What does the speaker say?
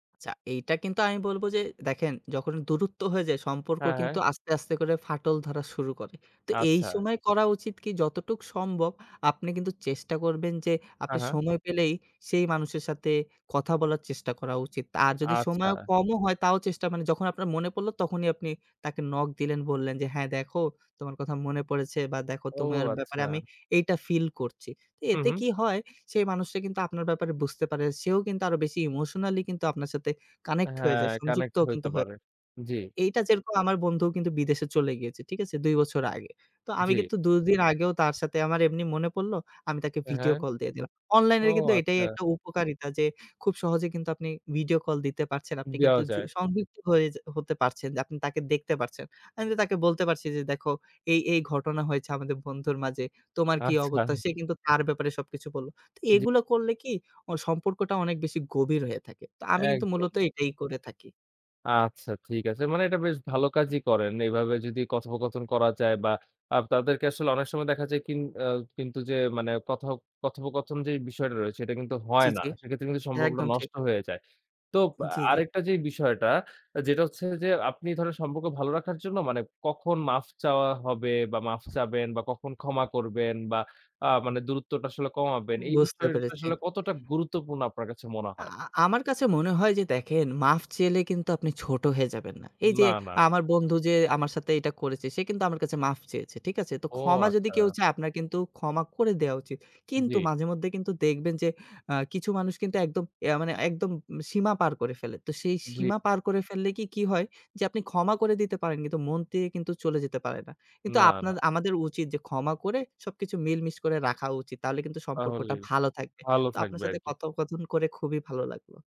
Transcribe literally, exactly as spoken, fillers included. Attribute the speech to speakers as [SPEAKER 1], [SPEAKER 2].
[SPEAKER 1] আচ্ছা, এইটা কিন্তু আমি বলবো যে দেখেন, যখন দূরত্ব হয়ে যায় সম্পর্ক
[SPEAKER 2] হ্যাঁ, হ্যাঁ।
[SPEAKER 1] কিন্তু আস্তে, আস্তে করে ফাটল ধরা শুরু করে। তো এই
[SPEAKER 2] আচ্ছা।
[SPEAKER 1] সময় করা উচিত কি, যতটুক সম্ভব আপনি কিন্তু চেষ্টা করবেন যে আপনি
[SPEAKER 2] হ্যাঁ, হ্যাঁ।
[SPEAKER 1] সময় পেলেই সেই মানুষের সাথে কথা বলার চেষ্টা করা উচিত। আর যদি সময়ও
[SPEAKER 2] আচ্ছা।
[SPEAKER 1] কম হয় তাও চেষ্টা, মানে যখন আপনার মনে পড়লো তখনই আপনি তাকে নক দিলেন, বললেন যে হ্যাঁ, দেখো তোমার কথা মনে পড়েছে বা দেখো
[SPEAKER 2] ও
[SPEAKER 1] তোমার ব্যাপারে আমি
[SPEAKER 2] আচ্ছা।
[SPEAKER 1] এইটা ফিল করছি।
[SPEAKER 2] হু,
[SPEAKER 1] এতে
[SPEAKER 2] হু।
[SPEAKER 1] কি হয় সেই মানুষটা কিন্তু আপনার ব্যাপারে বুঝতে পারে। সেও কিন্তু আরো বেশি ইমোশনালি কিন্তু আপনার সাথে কানেক্ট হয়ে যায়।
[SPEAKER 2] হ্যাঁ,
[SPEAKER 1] সংযুক্ত
[SPEAKER 2] কানেক্ট
[SPEAKER 1] কিন্তু
[SPEAKER 2] হইতে
[SPEAKER 1] হয়ে
[SPEAKER 2] পারে। জি।
[SPEAKER 1] এইটা যেরকম আমার বন্ধুও কিন্তু বিদেশে চলে গিয়েছে, ঠিক আছে? দুই বছর আগে। তো আমি
[SPEAKER 2] জি।
[SPEAKER 1] কিন্তু দু দিন আগেও তার সাথে আমার এমনি মনে পড়লো, আমি তাকে
[SPEAKER 2] অ্যা
[SPEAKER 1] ভিডিও
[SPEAKER 2] হ্যাঁ,
[SPEAKER 1] কল দিয়ে দিলাম।
[SPEAKER 2] ও
[SPEAKER 1] অনলাইনের কিন্তু এটাই
[SPEAKER 2] আচ্ছা!
[SPEAKER 1] একটা উপকারিতা যে, খুব সহজে কিন্তু আপনি ভিডিও কল দিতে পারছেন। আপনি কিন্তু
[SPEAKER 2] দেওয়া
[SPEAKER 1] যু
[SPEAKER 2] যায়।
[SPEAKER 1] সংযুক্ত হয়ে যে হতে পারছেন যে আপনি তাকে দেখতে পারছেন। আমি তো তাকে বলতে পারছি যে "দেখো এই, এই ঘটনা হয়েছে আমাদের বন্ধুর মাঝে। তোমার কি
[SPEAKER 2] আচ্ছা।
[SPEAKER 1] অবত্তা?" সে কিন্তু তার ব্যাপারে সবকিছু বলল। তো
[SPEAKER 2] জি।
[SPEAKER 1] এগুলা করলে কি অ সম্পর্কটা অনেক বেশি গভীর হয়ে থাকে। তো আমি কিন্তু মূলত
[SPEAKER 2] একদম।
[SPEAKER 1] এটাই করে থাকি।
[SPEAKER 2] আচ্ছা ঠিক আছে। মানে এটা বেশ ভালো কাজই করেন। এবাবে যদি কথোপকথন করা যায়, বা আ তাদেরকে আসলে অনেক সময় দেখা যায় কিন আ কিন্তু যে মানে কথো কথোপকথন যেই বিষয়টা রয়েছে এটা কিন্তু হয়
[SPEAKER 1] জি,
[SPEAKER 2] না।
[SPEAKER 1] জি,
[SPEAKER 2] সেক্ষেত্রে কিন্তু সম্পর্কটা
[SPEAKER 1] একদম ঠিক।
[SPEAKER 2] নষ্ট হয়ে যায়। তো
[SPEAKER 1] জি, জি।
[SPEAKER 2] আরেকটা যে বিষয়টা যেটা হচ্ছে যে আপনি ধরেন সম্পক্ক ভালো রাখার জন্য মানে কখন মাফ চাওয়া হবে, বা মাফ চাবেন বা কখন ক্ষমা করবেন, বা আ মানে দূরত্বটা আসলে কমাবেন, এই
[SPEAKER 1] বুঝতে
[SPEAKER 2] বিষয়টা
[SPEAKER 1] পেরেছি।
[SPEAKER 2] আসলে কতটা গুরুত্বপূর্ণ আপনার কাছে মনে
[SPEAKER 1] আ
[SPEAKER 2] হয়?
[SPEAKER 1] আ আমার কাছে মনে হয় যে দেখেন, মাফ চেলে কিন্তু আপনি ছোট হয়ে যাবেন না। এই যে
[SPEAKER 2] না, না।
[SPEAKER 1] আমার বন্ধু যে আমার সাথে এটা করেছে সে কিন্তু আমার কাছে মাফ চেয়েছে। ঠিক আছে? তো
[SPEAKER 2] ও
[SPEAKER 1] ক্ষমা যদি
[SPEAKER 2] আচ্ছা।
[SPEAKER 1] কেউ চায়, আপনার কিন্তু ক্ষমা করে দেওয়া উচিত। কিন্তু
[SPEAKER 2] জি।
[SPEAKER 1] মাঝেমধ্যে কিন্তু দেখবেন যে আ কিছু মানুষ কিন্তু একদম ইয়া মানে একদম সীমা পার করে ফেলে। তো সেই
[SPEAKER 2] জি।
[SPEAKER 1] সীমা পার করে ফেললে কি, কি হয় যে আপনি ক্ষমা করে দিতে পারেন কিন্তু মন তেকে কিন্তু চলে যেতে পারে না। কিন্তু
[SPEAKER 2] না,
[SPEAKER 1] আপনার,
[SPEAKER 2] না।
[SPEAKER 1] আমাদের উচিত যে ক্ষমা করে সবকিছু মিল মিস করে রাখা উচিত। তাঅলে কিন্তু সম্পর্কটা
[SPEAKER 2] তাহলেই,
[SPEAKER 1] ভালো থাকবে।
[SPEAKER 2] ভালো
[SPEAKER 1] তো আপনার
[SPEAKER 2] থাকবে
[SPEAKER 1] সাথে
[SPEAKER 2] আরকি।
[SPEAKER 1] কথোপকথন করে খুবই ভালো লাগল।